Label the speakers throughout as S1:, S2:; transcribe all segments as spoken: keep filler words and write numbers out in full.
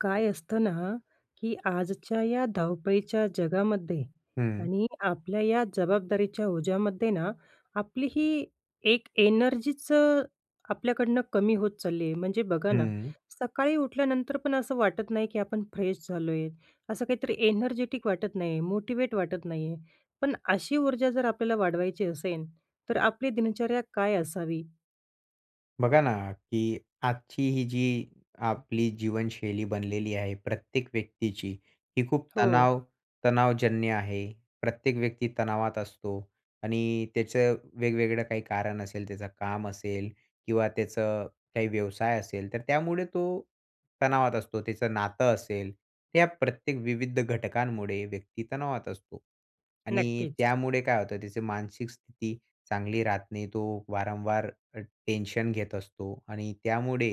S1: काय असतं ना, की आजच्या या धावपळीच्या जगामध्ये
S2: हं.
S1: आणि आपल्या या जबाबदारीच्या ओझ्यामध्ये ना, आपली ही एक एनर्जीच अ, आपल्याकडून कमी होत चालली आहे. म्हणजे बघा ना,
S2: हं.
S1: सकाळी उठल्यानंतर पण असं वाटत नाही, की आपण फ्रेश झालो आहे. असं काहीतरी एनर्जेटिक वाटत नाही, मोटिवेट वाटत नाही आहे. पण अशी ऊर्जा जर आपल्याला वाढवायची असेल तर आपली दिनचर्या काय असावी?
S2: बघा ना, की आजची ही जी आपली जीवनशैली बनलेली आहे प्रत्येक व्यक्तीची. ही खूप
S1: हो.
S2: तणाव तणावजन्य आहे. प्रत्येक व्यक्ती तणावात असतो आणि त्याचं वेगवेगळं काही कारण असेल. त्याचं काम असेल किंवा त्याचं काही व्यवसाय असेल. तर त्यामुळे तो तणावात असतो. त्याचं नातं असेल. ह्या प्रत्येक विविध घटकांमुळे व्यक्ती तणावात असतो आणि
S1: नक्कीच.
S2: त्यामुळे काय होतं, त्याची मानसिक स्थिती चांगली राहत नाही. तो वारंवार अ, टेन्शन घेत असतो आणि त्यामुळे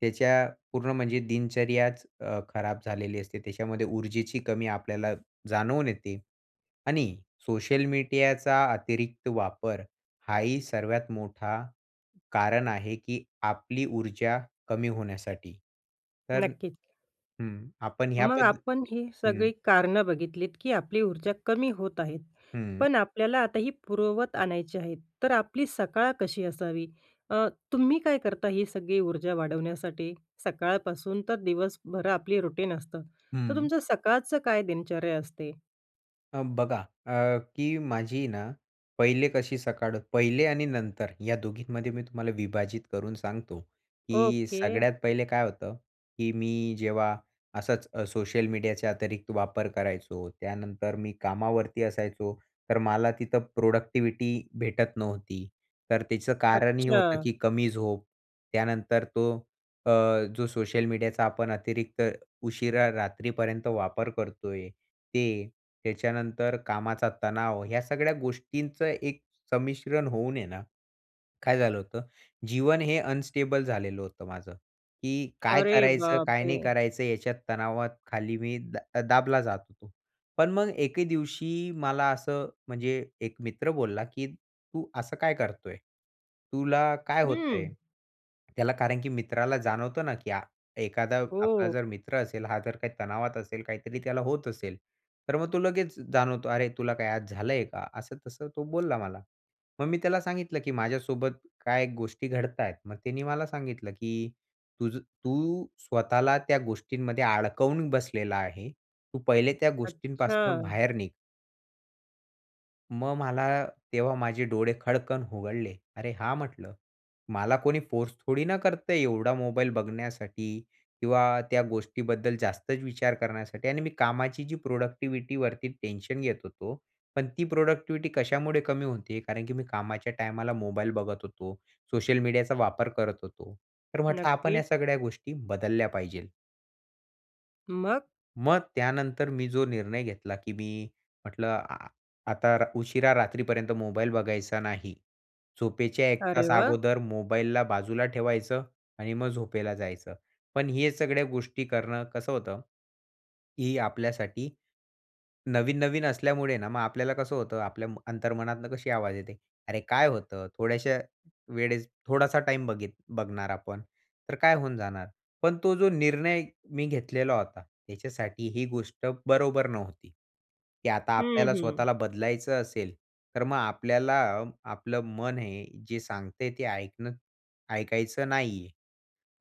S2: त्याच्या पूर्ण म्हणजे दिनचर्याच अ, खराब झालेली असते. त्याच्यामध्ये ऊर्जेची कमी आपल्याला जाणवून येते आणि सोशल मीटीयाचा अतिरिक्त वापर हा ही सर्वात मोठा कारण आहे, की आपली ऊर्जा कमी होण्यासाठी. तर
S1: नक्कीच.
S2: हं, आपण ह्या
S1: मग
S2: पद्ध
S1: आपण ही
S2: हं,
S1: सगळी कारणं बघितलीत, की आपली ऊर्जा कमी होत आहे,
S2: हं.
S1: पण आपल्याला आता ही पुरवत आणायची आहे. तर आपली सकाळ कशी असावी? अ, तुम्ही काय करता ही सगळी ऊर्जा वाढवण्यासाठी सकाळपासून तर दिवसभर आपली रुटीन असतं. तर
S2: हं.
S1: तुमचं सकाळचं काय दिनचर्या असते?
S2: अ, बघा, अ, की माझी ना, पहिले कशी सकाळ पहिले आणि नंतर या दोघींमध्ये मी तुम्हाला विभाजित करून सांगतो, की
S1: ओके.
S2: सगळ्यात पहिले काय होतं, की मी जेव्हा असंच सोशल मीडियाचे अतिरिक्त वापर करायचो. त्यानंतर मी कामावरती असायचो, तर मला तिथं प्रोडक्टिव्हिटी भेटत नव्हती. तर त्याचं कारण हे
S1: अच्छा.
S2: होतं, की कमी झोप. त्यानंतर तो अ, जो सोशल मीडियाचा आपण अतिरिक्त उशिरा रात्रीपर्यंत वापर करतो आहे ते, त्याच्यानंतर कामाचा तणाव, ह्या सगळ्या गोष्टींचं एक संमिश्रण होऊन आहे ना, काय झालं होतं, जीवन हे अनस्टेबल झालेलं होतं माझं. की काय
S1: अरे
S2: करायचं,
S1: बाप
S2: काय नाही
S1: रे!
S2: करायचं, याच्यात तणावाखाली मी अ, दा दाबला जात होतो. पण मग एके दिवशी मला असं म्हणजे एक मित्र बोलला, की "तू असं काय करतो आहे? तुला काय होत आहे?"
S1: हं.
S2: त्याला कारण, की मित्राला जाणवतं ना, की एखादा आपला
S1: हो.
S2: जर मित्र असेल, हा जर काही तणावात असेल, काहीतरी त्याला होत असेल, तर मग तो लगेच जाणवतो, अरे, तुला काय आज झालं आहे का? असं तसं तो बोलला मला. मग मी त्याला सांगितलं, की माझ्यासोबत काय गोष्टी घडत आहेत. मग त्यानी मला सांगितलं, की तुझं तू स्वतःला त्या गोष्टींमध्ये अडकवून बसलेला आहे. तू पहिले त्या गोष्टींपासनं
S1: अच्छा!
S2: बाहेर निघ. मग मला तेव्हा माझे डोळे खडकन उघडले. "अरे हां!" म्हटलं, "मला कोणी फोर्स थोडी ना करतय एवढा मोबाईल बघण्यासाठी." किंवा "त्या गोष्टीबद्दल जास्तच विचार करण्यासाठी." आणि मी कामाची जी प्रोडक्टिव्हिटीवरती टेन्शन घेत होतो, पण ती प्रोडक्टिव्हिटी कशामुळे कमी होतीय? कारण की मी कामाच्या टायमाला मोबाईल बघत होतो. सोशल मीडियाचा वापर करत होतो. तर म्हटलं आपण
S1: नक्कीच.
S2: या सगळ्या गोष्टी बदलल्या पाहिजेल.
S1: मग?
S2: मग त्यानंतर मी जो निर्णय घेतला की मी म्हटलं अ, आता र उशिरा रात्रीपर्यंत मोबाईल बघायचा नाही. झोपेच्या एक
S1: अरे
S2: तास
S1: वाह!
S2: अगोदर मोबाईलला बाजूला ठेवायचं आणि मग झोपेला जायचं. पण हे सगळ्या गोष्टी करणं कसं होतं, ही आपल्यासाठी नवीन-नवीन असल्यामुळे ना मग आपल्याला कसं होतं, आपल्या म अंतर्मनातनं कशी आवाज येते? "अरे काय होतं थोड्याशा वेळेस थोडासा टाईम बघीत बघणार आपण, तर काय होऊन जाणार?" पण तो जो निर्णय मी घेतलेला होता, ह्याच्यासाठी ही गोष्ट बरोबर नव्हती. की आता
S1: हं,
S2: आपल्याला
S1: हं.
S2: स्वतःला बदलायचं असेल, तर मग आपल्याला आपलं मन हे जे सांगतंय ते ऐकणं ऐकायचं नाहीये.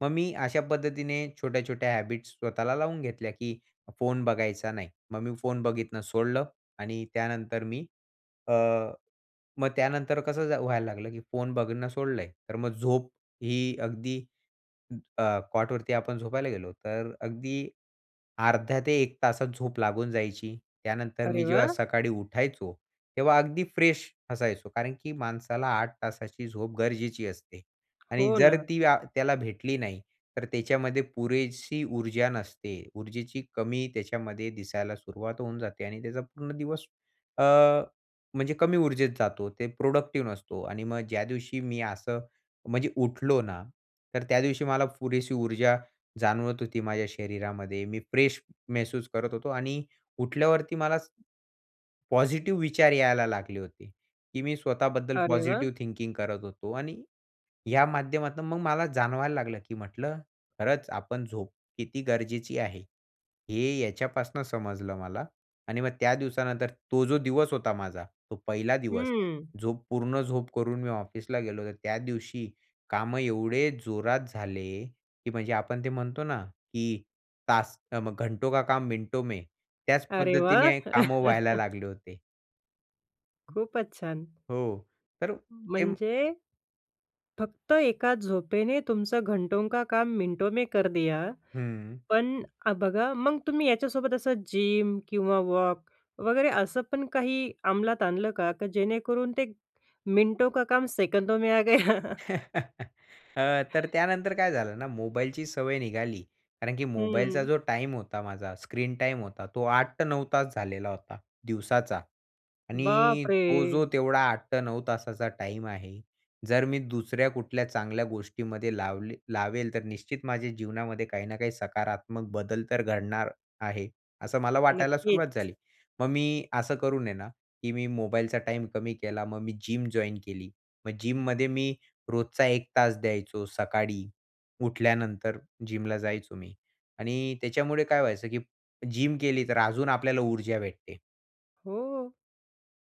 S2: मग मी अशा पद्धतीने छोट्या-छोट्या हॅबिट्स स्वतःला लावून घेतल्या की फोन बघायचा नाही मग मी फोन बघितनं सोडलं आणि त्यानंतर मी अ, मग त्यानंतर कसं झा व्हायला लागलं की फोन बघणं सोडलय, तर मग झोप ही अगदी अ, कॉटवरती आपण झोपायला गेलो, तर अगदी अर्ध्या ते एक तासात झोप लागून जायची. त्यानंतर
S1: अरे
S2: मी जेव्हा
S1: वाह!
S2: सकाळी उठायचो, तेव्हा अगदी फ्रेश असायचो. कारण की माणसाला आठ तासाची झोप गरजेची असते आणि
S1: हो
S2: जर
S1: ना.
S2: ती व्या त्याला भेटली नाही, तर त्याच्यामध्ये पुरेशी ऊर्जा नसते. ऊर्जेची कमी त्याच्यामध्ये दिसायला सुरुवात होऊन जाते आणि त्याचा पूर्ण दिवस अ, म्हणजे कमी ऊर्जेत जातो. ते प्रोडक्टिव्ह नसतो आणि मग ज्या दिवशी मी असं म्हणजे उठलो ना, तर त्या दिवशी मला पुरेशी ऊर्जा जाणवत होती माझ्या शरीरामध्ये. मी फ्रेश महसूस करत होतो आणि उठल्यावरती मलाच ...पॉझिटिव्ह विचार यायला लागले होते की मी स्वतःबद्दल
S1: अरे वाह!
S2: पॉझिटिव्ह थिंकिंग करत होतो आणि या माध्यमातनं मग मला जाणवायला लागलं की म्हटलं खरंच आपण झोप किती गरजेची आहे. हे याच्यापासनं समजलं मला आणि मग त्या दिवसानंतर तो जो दिवस होता माझा तो पहिला दिवस
S1: हम्म.
S2: झोप पूर्ण झोप करून मी ऑफिसला गेलो तर त्या दिवशी कामं एवढे जोरात झाले, की म्हणजे आपण ते म्हणतो ना की तास अ, म "घंटो का काम मिनटों में" त्याच
S1: अरे वाह!
S2: पद्धतीने कामं व्हायला लागले होते.
S1: खूपच छान!
S2: हो. तर अ, जिम
S1: म्हणजे, फक्त एका झोपेने तुमचं घंटों का काम मिनटों में कर दिया.
S2: हं.
S1: पण अ, बघा मग तुम्ही याच्यासोबत असं जिम किंवा वॉक वगैरे असं पण काही अंमलात आणलं का? का जेणेकरून ते मिटों का काम सेकंडों में आ गया?
S2: अ, तर त्यानंतर काय झालं ना, मोबाईलची सवय निघाली. कारण की मोबाईलचा
S1: हं.
S2: जो टाईम होता माझा स्क्रीन टाईम होता, तो आठ ते नऊ तास झालेला होता दिवसाचा. आणि तो जो
S1: बापरे!
S2: तेवढा आठ ते नऊ तासाचा टाईम आहे जर मी दुसऱ्या कुठल्या चांगल्या गोष्टीमध्ये लावले लावेल, तर निश्चित माझ्या जीवनामध्ये काही ना काही सकारात्मक बदल तर घडणार आहे. असं मला वाटायला सुरुवात
S1: नक्कीच.
S2: झाली. मग मी असं करून हे ना, की मी मोबाईलचा टाईम कमी केला. मग मी जिम जॉइन केली. मग जिममध्ये मी रोजचा एक तास द्यायचो. सकाळी उठल्यानंतर जिमला जायचो मी. आणि त्याच्यामुळे काय व्हायचं की जिम केली, तर अजून आपल्याला ऊर्जा भेटते.
S1: हो.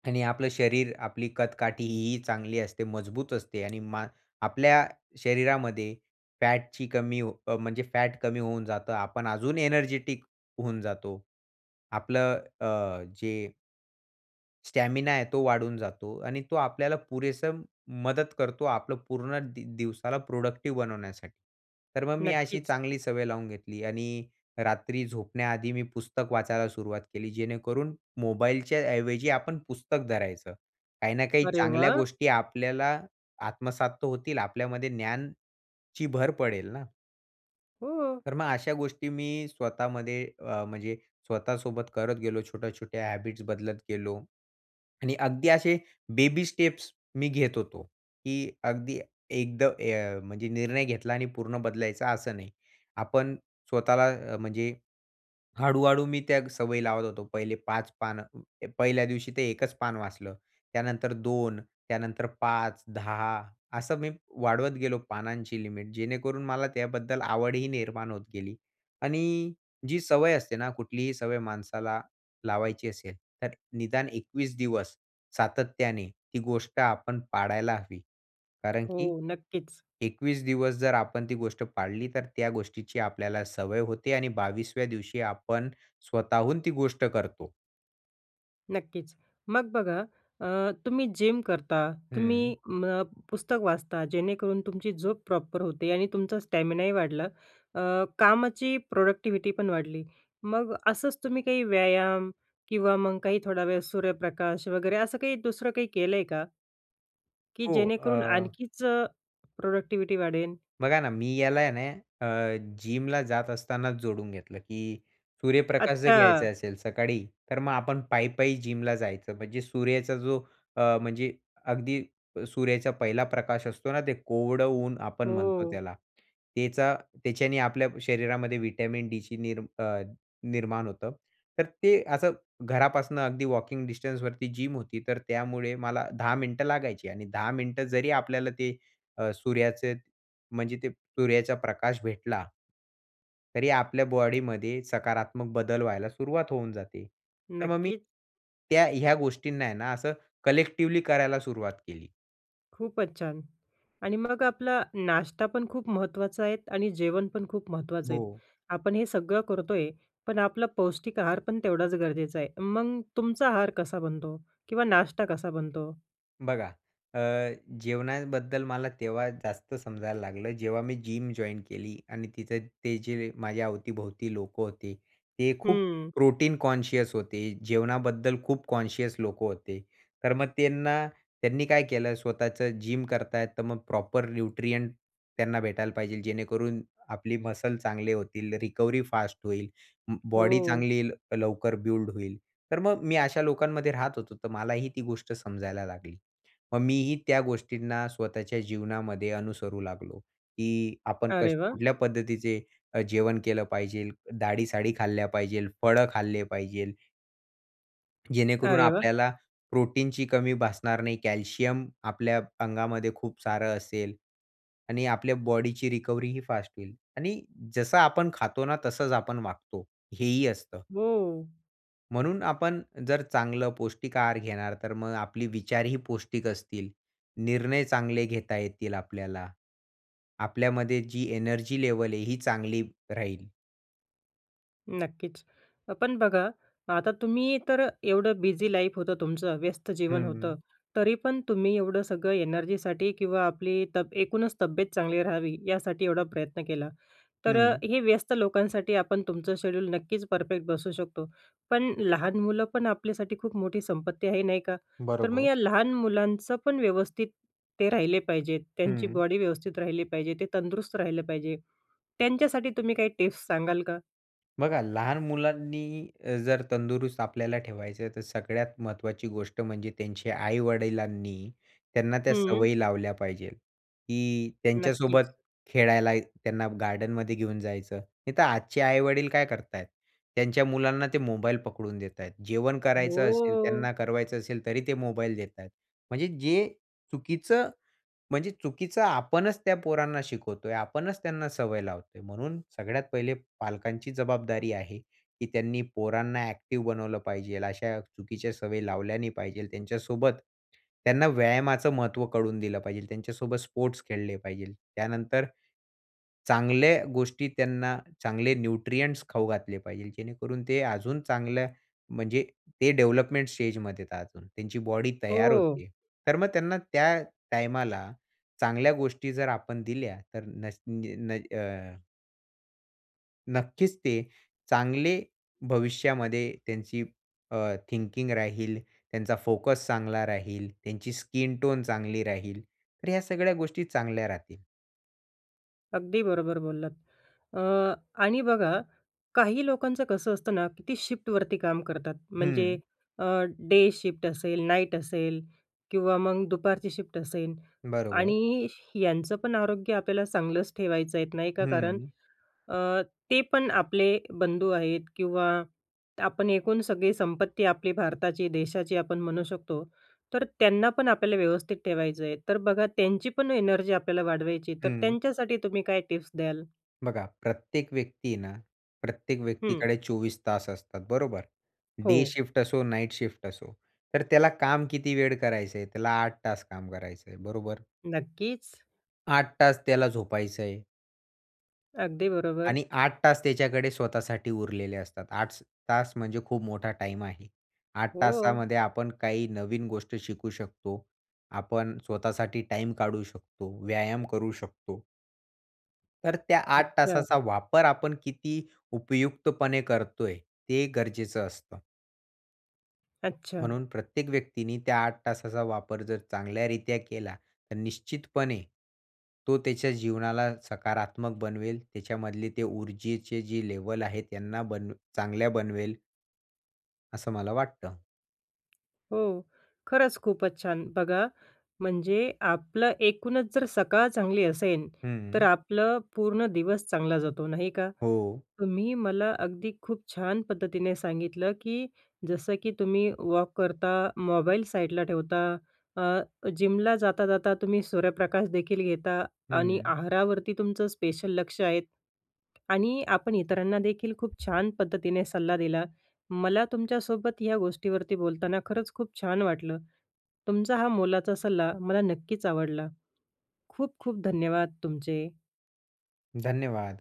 S2: आणि आपलं शरीर, आपली कदकाठीही चांगली असते, मजबूत असते. आणि मा आपल्या शरीरामध्ये फॅटची कमी हो अ, म्हणजे फॅट कमी होऊन जातं. आपण अजून एनर्जेटिक होऊन जातो. आपलं अ, अ, जे स्टॅमिना आहे तो वाढून जातो आणि तो आपल्याला पुरेसं मदत करतो. आपलं पूर्ण दि दिवसाला प्रोडक्टिव्ह बनवण्यासाठी. तर मग मी अशी
S1: नक्कीच.
S2: चांगली सवय लावून घेतली आणि रात्री झोपण्याआधी मी पुस्तक वाचायला सुरुवात केली, जेणेकरून मोबाईलच्या ऐवजी आपण पुस्तक धरायचं. काही ना काही
S1: अरे
S2: चांगल्या
S1: वाह!
S2: गोष्टी आपल्याला आत्मसात तर होतील. आपल्यामध्ये ज्ञानची भर पडेल ना.
S1: हो.
S2: तर मग अशा गोष्टी मी स्वतःमध्ये अ, म्हणजे स्वतःसोबत करत गेलो. छोट्या-छोट्या हॅबिट्स बदलत गेलो आणि अगदी असे बेबी स्टेप्स मी घेत होतो. की अगदी एकद ए म्हणजे निर्णय घेतला आणि पूर्ण बदलायचा असं नाही. आपण स्वतःला म्हणजे हळूहळू मी त्या सवयी लावत होतो. पहिले पाच पानं पहिल्या दिवशी ते एकच पान वाचलं. त्यानंतर दोन त्यानंतर पाच दहा असं मी वाढवत गेलो पानांची लिमिट. जेणेकरून मला त्याबद्दल आवडही निर्माण होत गेली. आणि जी सवय असते ना, कुठलीही सवय माणसाला लावायची असेल. तर निदान एकवीस दिवस सातत्याने ती गोष्ट आपण पाळायला हवी. कारण की
S1: हो. नक्कीच.
S2: एकवीस दिवस जर आपण ती गोष्ट पाळली, तर त्या गोष्टीची आपल्याला सवय होते आणि बावीसव्या दिवशी आपण स्वतःहून ती गोष्ट करतो.
S1: नक्कीच. मग बघा अ, तुम्ही जिम करता, तुम्ही
S2: हं.
S1: म पुस्तक वाचता जेणेकरून तुमची झोप प्रॉपर होते आणि तुमचा स्टॅमिनाही वाढला अ, कामाची प्रोडक्टिव्हिटी पण वाढली. मग असंच तुम्ही काही व्यायाम किंवा मग काही थोडा वेळ सूर्यप्रकाश वगैरे असं काही दुसरं काही केलंय का? की
S2: हो,
S1: जेणेकरून
S2: अ
S1: आणखीचं प्रोडक्टिव्हिटी वाढेल?
S2: बघा ना, मी याला आहे ना अ, जिमला जात असतानाच जोडून घेतलं, की सूर्यप्रकाश जर
S1: अच्छा.
S2: घ्यायचा असेल सकाळी तर मग आपण पायी-पायी जिमला जायचं. म्हणजे सूर्याचा जो अ, म्हणजे अगदी सूर्याचा पहिला प्रकाश असतो ना ते कोवळ ऊन आपण म्हणतो
S1: हो.
S2: त्याला. त्याचा त्याच्याने आपल्या शरीरामध्ये व्हिटॅमिन डीची निर्मी अ, निर्माण होतं. तर ते असं घरापासून अगदी वॉकिंग डिस्टन्सवरती जिम होती. तर त्यामुळे मला दहा मिनिटं लागायची आणि दहा मिनिट जरी आपल्याला ते अ, सूर्याचे म्हणजे ते सूर्याचा प्रकाश भेटला तरी आपल्या बॉडीमध्ये सकारात्मक बदल व्हायला सुरुवात होऊन जाते. तर मग मी,
S1: नक्कीच.
S2: त्या ह्या गोष्टींना आहे ना असं कलेक्टिव्हली करायला सुरुवात केली.
S1: खूपच छान! आणि मग आपला नाश्ता पण खूप महत्वाचा आहेत आणि जेवण पण खूप महत्वाचं आहेत.
S2: हो.
S1: आपण हे सगळं करतोय. पण आपला पौष्टिक आहार पण तेवढाच गरजेचा आहे. मग तुमचा आहार कसा बनतो? किंवा नाश्ता कसा बनतो?
S2: बघा, अ, जेवणाबद्दल मला तेव्हा जास्त समजायला लागलं, जेव्हा मी जिम जॉइन्ड केली आणि तिथं ते जे माझ्या अवती-भोवती लोकं होते, ते खूप
S1: हं.
S2: प्रोटीन कॉन्शियस होते. जेवणाबद्दल खूप कॉन्शियस लोकं होते. तर मग त्यांना त्यांनी काय केलं. स्वतःचं जिम करताय, तर मग प्रॉपर न्यूट्रिएंट त्यांना भेटायला पाहिजे, जेणेकरून आपली मसल्स चांगले होतील. रिकव्हरी फास्ट होईल. अं, बॉडी
S1: हो.
S2: चांगली येईल, लवकर बिल्ड होईल. तर मग मी अशा लोकांमध्ये राहत होतो. तर मलाही ती गोष्ट समजायला लागली. मग मीही त्या गोष्टींना स्वतःच्या जीवनामध्ये अनुसरू लागलो, की आपण
S1: अरे
S2: कस
S1: वाह!
S2: कुठल्या पद्धतीचे अ, जेवण केलं पाहिजेल. दाळी-साळी खाल्ल्या पाहिजेल, फळं खाल्ले पाहिजेल जेणेकरून
S1: अरे वाह!
S2: आपल्याला प्रोटीनची कमी भासणार नाही. कॅल्शियम आपल्या अंगामध्ये खूप सारं असेल आणि आपल्या बॉडीची रिकव्हरी ही फास्ट होईल. आणि जसं आपण खातो ना, तसंच आपण वागतो हेही असतं.
S1: हो.
S2: म्हणून आपण जर चांगलं पौष्टिक आहार घेणार तर मग आपली विचारही पौष्टिक असतील. निर्णय चांगले घेता येतील आपल्याला. आपल्यामध्ये जी एनर्जी लेव्हल आहे, ही चांगली राहील.
S1: नक्कीच. पण बघा आता तुम्ही तर एवढं बिझी लाईफ होतं तुमचं, व्यस्त जीवन होतं.
S2: हं.
S1: तरी पण तुम्ही एवढं सगळं एनर्जीसाठी किंवा आपली तब एकूणच तब्येत चांगली राहावी यासाठी एवढा प्रयत्न केला. तर
S2: हं.
S1: हे व्यस्त लोकांसाठी आपण तुमचं शेड्यूल नक्कीच परफेक्ट बसू शकतो. पण लहान मुलं पण आपल्यासाठी खूप मोठी संपत्ती आहे नाही का. तर मग
S2: बरोबर.
S1: या लहान मुलांचं पण व्यवस्थित ते राहिले पाहिजेत. त्यांची
S2: हं.
S1: बॉडी व्यवस्थित राहिली पाहिजे. ते तंदुरुस्त राहिले पाहिजे. त्यांच्यासाठी तुम्ही काही टिप्स सांगाल का?
S2: बघा लहान मुलांनी अ, जर तंदुरुस्त आपल्याला ठेवायचं तर सगळ्यात महत्त्वाची गोष्ट म्हणजे त्यांच्या आई-वडिलांनी त्यांना त्या
S1: हं.
S2: सवयी लावल्या पाहिजेल की त्यांच्यासोबत
S1: नक्कीच.
S2: खेळायला त्यांना गार्डनमध्ये घेऊन जायचं. नाही तर आजचे आई-वडील काय करत आहेत? त्यांच्या मुलांना ते मोबाईल पकडून देत आहेत. जेवण करायचं असेल,
S1: हो.
S2: त्यांना करवायचं असेल तरी ते मोबाईल देत आहेत. म्हणजे जे चुकीचं, म्हणजे चुकीचं आपणच त्या पोरांना शिकवतोय. आपणच त्यांना सवय लावतोय. म्हणून सगळ्यात पहिले पालकांची जबाबदारी आहे, की त्यांनी पोरांना एक्टिव्ह बनवलं पाहिजेल. अशा चुकीच्या सवयी लावल्या नाही पाहिजेल. त्यांच्यासोबत त्यांना व्यायामाचं महत्त्व कळवून दिलं पाहिजेल त्यांच्यासोबत स्पोर्ट्स खेळले पाहिजेल. त्यानंतर, चांगल्या गोष्टी त्यांना चांगले न्यूट्रिएंट्स खाऊ घातले पाहिजेल जेणेकरून ते अजून चांगल्या म्हणजे ते डेव्हलपमेंट स्टेजमध्ये आहेत अजून. त्यांची बॉडी तयार होत
S1: हो.
S2: आहे. तर मग त्यांना त्या टाईमाला चांगल्या गोष्टी जर आपण दिल्या तर नस न अ नक्कीच, ते चांगले भविष्यामध्ये त्यांची अ, थिंकिंग राहील, त्यांचा फोकस चांगला राहील, त्यांची स्किन टोन चांगली राहील. तर ह्या सगळ्या गोष्टी चांगल्या राहतील.
S1: अगदी बरोबर बोललात. अ, आणि बघा, काही लोकांचं कसं असतं ना, की ती शिफ्टवरती काम करतात. म्हणजे
S2: हं.
S1: अ, डे शिफ्ट असेल, नाईट असेल किंवा मग दुपारची शिफ्ट असेल
S2: बरोबर.
S1: आणि यांचं पण आरोग्य आपल्याला चांगलंच ठेवायचं आहे, नाही का. कारण,
S2: हं.
S1: अ, ते पण आपले बंधू आहेत किंवा आपण एकूण सगळी संपत्ती आपली भारताची, देशाची आपण म्हणू शकतो. तर त्यांना पण आपल्याला व्यवस्थित ठेवायचं आहे. तर बघा, त्यांची पण एनर्जी आपल्याला वाढवायची तर
S2: हं.
S1: त्यांच्यासाठी तुम्ही काय टिप्स द्याल?
S2: बघा, प्रत्येक व्यक्ती आहे ना, प्रत्येक
S1: हं.
S2: व्यक्तीकडे चोवीस तास असतात, बरोबर. डे
S1: हो.
S2: शिफ्ट असो, नाईट शिफ्ट असो. तर त्याला काम किती वेळ करायचं आहे, त्याला आठ तास काम करायचं आहे, बरोबर?
S1: नक्कीच.
S2: आठ तास त्याला झोपायचं आहे.
S1: अगदी बरोबर.
S2: आणि आठ तास त्याच्याकडे स्वतःसाठी उरलेले असतात, आठस तास म्हणजे खूप मोठा टाईम आहे. आठ
S1: हो.
S2: तासामध्ये आपण काही नवीन गोष्ट शिकू शकतो, आपण स्वतःसाठी टाईम काढू शकतो, व्यायाम करू शकतो. तर त्या आठ
S1: अच्छा
S2: तासाचा वापर, आपण किती उपयुक्तपणे करतोय, ते गरजेचं असतं.
S1: अच्छा.
S2: म्हणून प्रत्येक व्यक्तीने त्या आठ तासाचा वापर जर चांगल्यारित्या केला, तर निश्चितपणे तो त्याच्या जीवनाला सकारात्मक बनवेल. त्याच्यामधले ते ऊर्जेचे जे लेव्हल आहेत, त्यांना बनवे चांगल्या बनवेल. असं मला वाटतं.
S1: हो, खरंच खूपचं छान. बघा, म्हणजे आपलं एकूणचं जर सकाळ चांगली असेल, तर
S2: हम्म.
S1: आपलं पूर्ण दिवस चांगला जातो नाही का?
S2: हो.
S1: तुम्ही मला अगदी खूप छान पद्धतीने सांगितलं, की जसं की तुम्ही वॉक करता, मोबाईल साईडला ठेवता. अ, जिमला जाता जाता तुम्ही सूर्यप्रकाशदेखील घेता आणि
S2: हम्म.
S1: आहारावरती तुमचं स्पेशल लक्ष आहे आणि आपण इतरांना देखील खूप छान पद्धतीने सल्ला दिला. मला तुमच्यासोबत या गोष्टीवरती बोलताना खरंच खूप छान वाटलं. तुमचा हा मोलाचा सल्ला मला नक्कीच आवडला. खूप खूप धन्यवाद तुमचे.
S2: धन्यवाद.